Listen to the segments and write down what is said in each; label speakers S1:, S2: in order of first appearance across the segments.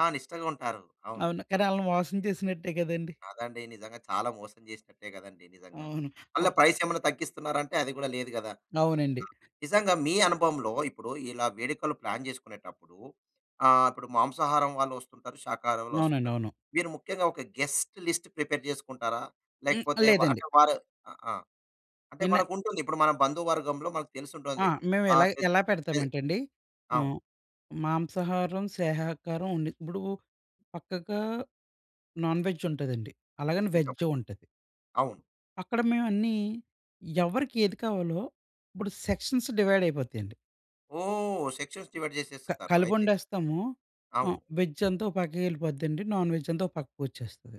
S1: ఆ! నిష్టగుంటారు. అవును.
S2: అవును. కానీ ఆళ్ళని మోసం చేసినట్టే కదండి!
S1: కాదండి. నిజంగా చాలా మోసం చేసినట్టే గదండీ! నిజంగా.
S2: అవును.
S1: మళ్ళ
S2: అబ్
S1: ప్రైసేమన్నా తగ్గిస్తన్నారా అంటే, అది గూడా లేదు గదా! ఆ!
S2: అవునండి.
S1: నిజంగా మీ అనుభవంలో ఇప్పుడు, ఇలా వేడుకలు ప్లాన్ జేసుకునేటప్పుడూ, ఆహ్, ఇప్పుడు మాంసాహారం వాళ్ళొస్తుంటారు, శాకాహారం
S2: అవునండి.
S1: వాళ్ళోస్తుంటారు.
S2: అవును.
S1: మీరు ముఖ్యంగా ఒక గెస్ట్ లిస్ట్ ప్రిపేర్ జేసుకుంటారా,
S2: హ్మ్.
S1: లేకపోతే వ
S2: లేదండి.
S1: అంటే, వారు ఆ! ఆ! అంటే,
S2: నిన్న
S1: మనకుంటుంది. ఇప్పుడు మన బంధు వర్గంలో మనకు
S2: ఆ!
S1: తెలిసుంటుంది.
S2: మేము
S1: ఆహ్,
S2: ఎలాగ
S1: పెద్
S2: ఎలా
S1: పె
S2: పెడతామంటండి,
S1: అవును.
S2: హ్మ్, మాంసాహారం, శాకాహారం ఉండి ఇప్పుడూ పక్కకా నాన్ వెజ్జుంటదండి. అలాగని
S1: నిజం.
S2: వెజ్జు ఉంటది.
S1: అవును.
S2: అక్కడ మేవన్నీ, ఎవరికి ఏది కావాలో, ఇప్పుడు సెక్షన్స్ డివైడైయిపోతయండి.
S1: ఓహ్! సెక్షన్స్ డివైడ్
S2: క
S1: చేసేస్తరు అయితే.
S2: కలిపొండేస్తాము. హ్మ్,
S1: అవును.
S2: వెజ్జంతా ఓ పక్కకెళ్ళిపోద్దండి. నాన్ వెజ్జంతా ఓ పక్కకొచ్చేస్తది.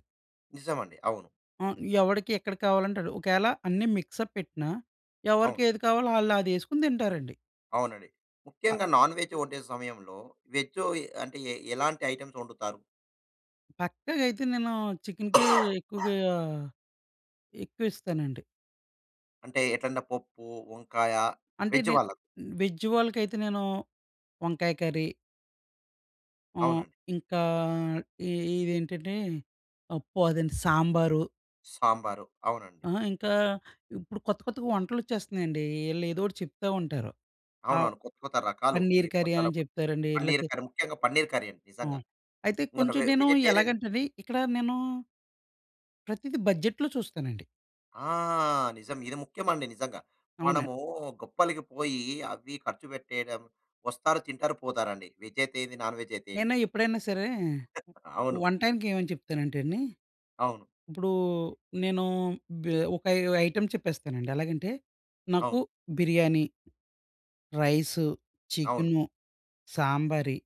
S1: నిజమండి. అవును.
S2: ఆ! ఎవడికి ఎక్కడ కావాలంటడు? ఒకేళ అన్నీ మిక్సప్ పెట్టినా,
S1: అవును.
S2: ఎవరికేది కావాలో ఆళ్ళదేసుకొని తింటారండి.
S1: అవునండి.
S2: ఆ!
S1: ముఖ్యంగా నాన్ వెజ్ ఒండే సమయంలో, వెజ్జో ఏ అంటే, ఎ ఎలాంటి ఐటెమ్స్ ఒండుతారు?
S2: పక్కాగయితే నేనూ చికిన్‌కే ఎక్కువుగా ఎక్కువిస్తానండి.
S1: అంటే ఎట్లంటే, పొప్పు, వంకాయ.
S2: అంటే,
S1: వేజ్
S2: నేన్
S1: వాళ్ళకు.
S2: వెజ్ వాళ్ళకైతే నేను వంకాయ కర్రీ. ఆహ్,
S1: అవునండి.
S2: ఇంకా ఈ ఇదేంటంటే, పప్పు, అదేంటి సాంబారు.
S1: సాంబారు. అవునండి.
S2: అహ! ఇంకా ఇప్పుడు కొత్త కొత్తగా వంటలొచ్చేస్తన్నయండీ. ఈళ్ళేదోటి చెప్తా ఉంటారు. ఆవ్
S1: అవునవును. కొత్త కొత్త రకాలు. ఈ
S2: పన్నీర్ కర్రీ
S1: పొట్టల
S2: అని
S1: కొట్
S2: జెప్తారండి.
S1: పన్నీర్
S2: లేతే
S1: కర్రీ. ముఖ్యంగా పన్నీర్ కర్రీ అండి
S2: ఆ!
S1: నిజంగా.
S2: అయితే,
S1: నేను
S2: కొంచెం
S1: వె
S2: నేను
S1: వెజిటేరియన్.
S2: ఎలాగంటది, ఇక్కడా నేనూ ప్రతిది బడ్జెట్‌లో చూస్తానండి.
S1: ఆ! నిజం. ఇది ముఖ్యమండి నిజంగా.
S2: అవునండి.
S1: మనమూ గొప్పలికి పోయీ అవీ ఖర్చు పెట్టేయడం. వస్తారు, తింటారు, పోతారండి, వెజ్జయితే ఏంది, నాన్ వెజ్జయితే ఏండి.
S2: నేను ఎప్పుడైనా సరే!
S1: అవును.
S2: వంటాయనకేమని చెప్తానంటండి,
S1: అవును.
S2: ఇప్పుడూ నేనూ బె ఒక 5 ఐటెమ్ చెప్పేస్తానండి. ఎలాగంటే, నాకు
S1: అవును.
S2: బిర్యానీ రైసు,
S1: అవును.
S2: చికెను, సాంబరీ.